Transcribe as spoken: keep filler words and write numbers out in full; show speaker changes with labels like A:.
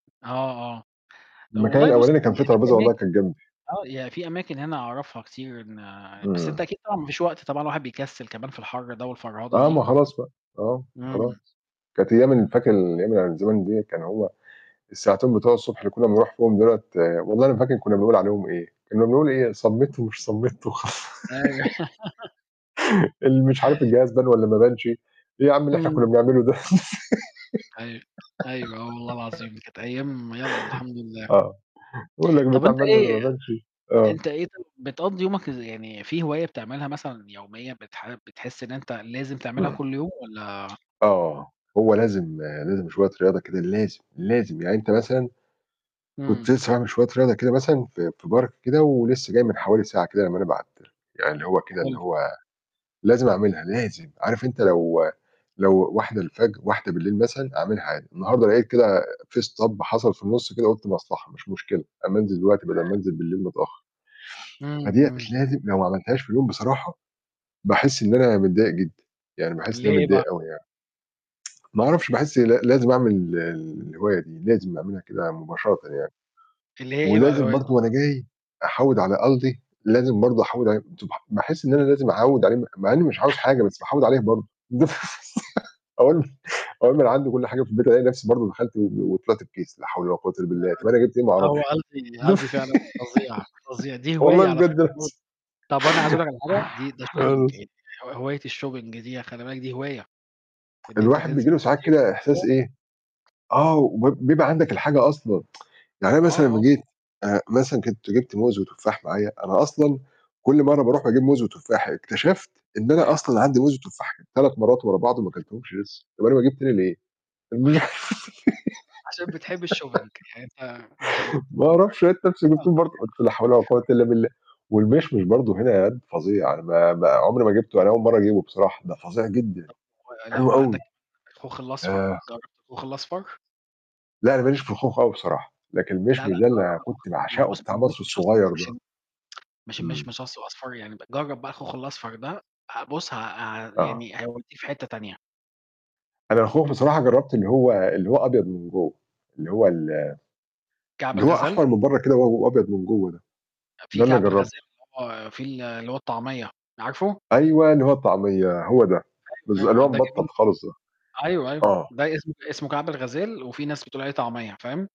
A: آه، آه.
B: المكان
A: والله بُص
B: الأولاني كان فيه
A: في في
B: ترابيزة والله
A: أماكن
B: كان جانبي.
A: آه، يعني في أماكن هنا أعرفها كتير إن بس أنت
B: إمم.
A: أكيد طبعًا ما فيش وقت طبعًا، الواحد بيكسِّل كمان في الحَر ده والفرهضة
B: آه،
A: دي.
B: ما خلاص بقى. آه،
A: إمم.
B: خلاص. كانت أيام ال فاكر الأيام اللي هي من زَمَن ديّة كان هو الساعتين بتوع الصبح اللي كُنّا بنروح فيهم دُولة والله ما فاكر كُنّا بنقول عليهم إيه. كُنّا بنقول إيه؟ صَمِّت ومش صَمِّت وخ
A: أيوه.
B: اللي مش عارف الجهاز بان والّا ما بانش. إيه يا عَم اللي إحنا كُنّا
A: إمم.
B: بنعمله ده؟
A: أيوه. أيوه، آه والله العظيم كانت أيام يالّا الحمد لله.
B: آه. يقول لك:
A: طَب
B: "البتاع
A: أنت
B: بان والّا
A: إيه
B: ما بانش؟" آه.
A: أنت إيه ط بتقضّي يومك إز يعني في هواية بتعملها مثلًا يوميًا بتح بتحِس إن أنت لازم تعملها
B: إمم.
A: كل يوم والّا
B: آه. هو لازم لازم شوية رياضة كده لازم، لازم. يعني أنت مثلًا كنت
A: إمم.
B: لسّه باعمل شوية رياضة كده مثلًا في في Park كده ولسّه جاي من حوالي ساعة كده لمّا أنا بعت لك. يعني اللي هو كده إن
A: حلو.
B: هو لازم أعملها، لازم. عارف أنت لو لو واحدة الفجر، واحدة بالليل مثلًا، أعملها عادي. النهارده لقيت كده في stop حصل في النُص كده قُلت مصلحة، مش مشكلة، أمّا أنزل دلوقتي بَدَل ما
A: [unintelligible]
B: أنزل بالليل متأخّر.
A: إمم،
B: فديّة
A: إمم.
B: لازم لو ما عملتهاش في اليوم بصراحة، باحِس إن أنا متضايق جدًا. يعني باحِس إن أنا
A: ليه بقى؟
B: متضايق أوي يعني. ما أعرفش، باحِس ل لازم أعمل الهواية دي، لازم أعملها كده مُباشرةً يعني.
A: اللي هي إيه بقى
B: ولازم
A: الهواية د
B: برضه وأنا جاي أحَوِّد على Aldi، لازم برضه أحَوِّد عليه [unintelligible] باحِس إن أنا لازم أعَوِّد عليه م مع إنّي مش عاوز حاجة، بس أحَوِّد عليه برضه. دف أقول له أقول له: "أنا عندي كل حاجة في البيت." ألاقي نفسي برضه دخلْت وطلعت بكيس، لا حول ولا قوة إلّا
A: لأ،
B: بالله. طَب أنا جِبت إيه؟ ما
A: هو
B: أعرفش.
A: Aldi Aldi
B: دف
A: فعلًا فظيع، فظيع. دي
B: والله
A: هواية على فكرة
B: بجد
A: [unintelligible]
B: ناس
A: طَب أنا عايز أقول لك على حاجة، دي ده shopping
B: خالص.
A: إ ه هواية الshopping دي يا خلِّ بالك دي هواية، إن أنت
B: الواحد بييجي
A: تنزل
B: له ساعات
A: تشتري
B: كده إحساس
A: وكده
B: إيه آه، وبيب وبيبقى عندك الحاجة أصلًا. يعني أنا
A: آه،
B: مثلًا لمّا
A: آه.
B: جيت آآ، مثلًا كنت جِبت موز وتفاح معايا، أنا أصلًا كل مرّة باروح أجيب موز وتفاح. اكتشفت إن أنا
A: أيوه.
B: أصلًا عندي موز وتفاح كان تلات مرّات ورا بعض وما كلتهمش لسّه. طَب أنا باجيب تاني ليه؟ الم
A: عشان بتحب الshopping. يعني أنت أنت بت
B: ما أعرفش، لقيت نَفْسي جبتهم برضه. قَلت لا حول ولا
A: [unintelligible]
B: قوة إلا بالله. والمِشْمِش برضه هنا Aldi فظيع. أنا ما ما عُمري ما جِبته، أنا أول مرّة أجيبه بصراحة، ده فظيع جدًا.
A: ولأ
B: حلو أوي.
A: وعندك كمان الخوخ الأصفر،
B: آآ
A: جرّبت الخوخ الأصفر؟
B: لأ، أنا ما ليش في الخوخ أوي بصراحة، لكن
A: لا، لأ
B: المِشْمِش ده اللي
A: جرّب
B: أنا
A: الخوخ،
B: كنت
A: ما هو
B: باعشقه،
A: بُص
B: بتاع
A: ما
B: مصر
A: المِشْمِش أصفر،
B: الصغير ده.
A: مش إن مش
B: إمم.
A: المِشْمِش أصف أصفر يعني ب جرّب بقى الخوخ الأصفر ده، ه بُص ه اع
B: آه.
A: يعني هيودّيه في حتة تانية.
B: أنا الخوخ بصراحة جرّبت اللي هو اللي هو أبيض من جوّه. اللي هو ال
A: كعب
B: اللي هو
A: الغزال؟
B: أحمر من برّه كده وهو هو أبيض من جوّه ده.
A: آآ، في
B: ده اللي
A: كعب الغزال
B: جرّبته.
A: اللي هو فيه ال اللي هو الطعمية، عارفه؟
B: أيوه، اللي هو الطعمية، هو ده. بالض
A: أيوه،
B: اللي
A: أيوه، آه
B: هو
A: ده
B: مِبَطَّط
A: جميل
B: خالص ده.
A: برضو. أيوه، أيوه.
B: آه.
A: ده اسم اسمه كعب الغزال وفي ناس بتقول عليه طعمية، فاهم؟